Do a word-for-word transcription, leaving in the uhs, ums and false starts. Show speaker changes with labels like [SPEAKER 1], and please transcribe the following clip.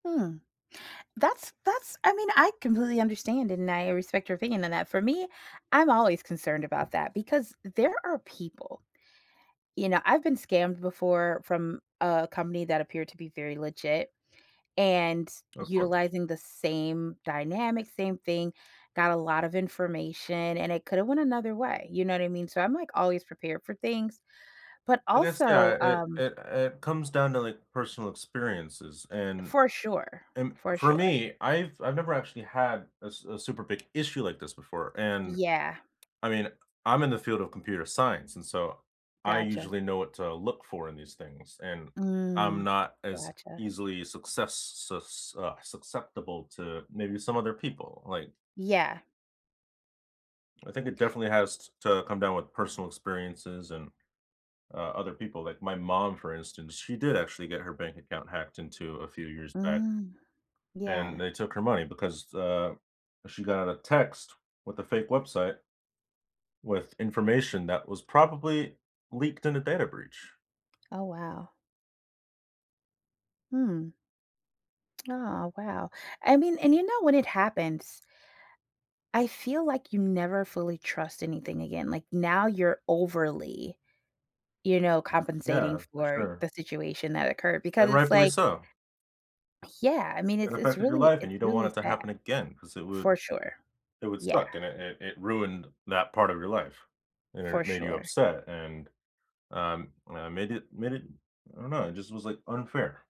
[SPEAKER 1] Mm. That's that's I mean, I completely understand, and I respect your opinion on that For me, I'm always concerned about that because there are people, you know I've been scammed before from a company that appeared to be very legit and
[SPEAKER 2] Of course.
[SPEAKER 1] utilizing the same dynamic, same thing, got a lot of information, and it could've went another way, you know what I mean? So, I'm, like, always prepared for things. But
[SPEAKER 2] I guess,
[SPEAKER 1] also,
[SPEAKER 2] yeah, it
[SPEAKER 1] um
[SPEAKER 2] it it comes down to, like, personal experiences. And
[SPEAKER 1] For sure,
[SPEAKER 2] and
[SPEAKER 1] for
[SPEAKER 2] for
[SPEAKER 1] sure.
[SPEAKER 2] me, I've I've never actually had a s a super big issue like this before, and
[SPEAKER 1] Yeah.
[SPEAKER 2] I mean I'm in the field of computer science, and, so, I
[SPEAKER 1] Gotcha.
[SPEAKER 2] usually know what to look for in these things. And
[SPEAKER 1] Mm,
[SPEAKER 2] I'm not as
[SPEAKER 1] gotcha.
[SPEAKER 2] easily success sus uh, succeptible to maybe some other people, like
[SPEAKER 1] Yeah.
[SPEAKER 2] I think it definitely has t to come down with personal experiences and, uh, other people like my mom, for instance, she did actually get her bank account hacked into a few years back.
[SPEAKER 1] Mm,
[SPEAKER 2] And
[SPEAKER 1] yeah.
[SPEAKER 2] they took her money because, uh, she got a text with a fake website with information that was probably leaked in a data breach.
[SPEAKER 1] Oh, wow. Mm. Oh, wow. I mean and you know, when it happens I feel like you never fully trust anything again, like, now you're overly you know, compensating
[SPEAKER 2] Yeah, for
[SPEAKER 1] for
[SPEAKER 2] sure.
[SPEAKER 1] the situation that occurred, because
[SPEAKER 2] And
[SPEAKER 1] it's,
[SPEAKER 2] rightfully
[SPEAKER 1] like
[SPEAKER 2] so.
[SPEAKER 1] Yeah, I mean,
[SPEAKER 2] It
[SPEAKER 1] it's it's
[SPEAKER 2] affected your
[SPEAKER 1] really
[SPEAKER 2] life, and
[SPEAKER 1] it's
[SPEAKER 2] you don't want
[SPEAKER 1] really
[SPEAKER 2] it to
[SPEAKER 1] sad.
[SPEAKER 2] happen again 'cause it would
[SPEAKER 1] For sure.
[SPEAKER 2] it would
[SPEAKER 1] Yeah.
[SPEAKER 2] suck, and it it it ruined that part of your life and
[SPEAKER 1] For
[SPEAKER 2] it made you
[SPEAKER 1] sure.
[SPEAKER 2] upset and um, uh, made it made it I don't know, it just was, like, unfair.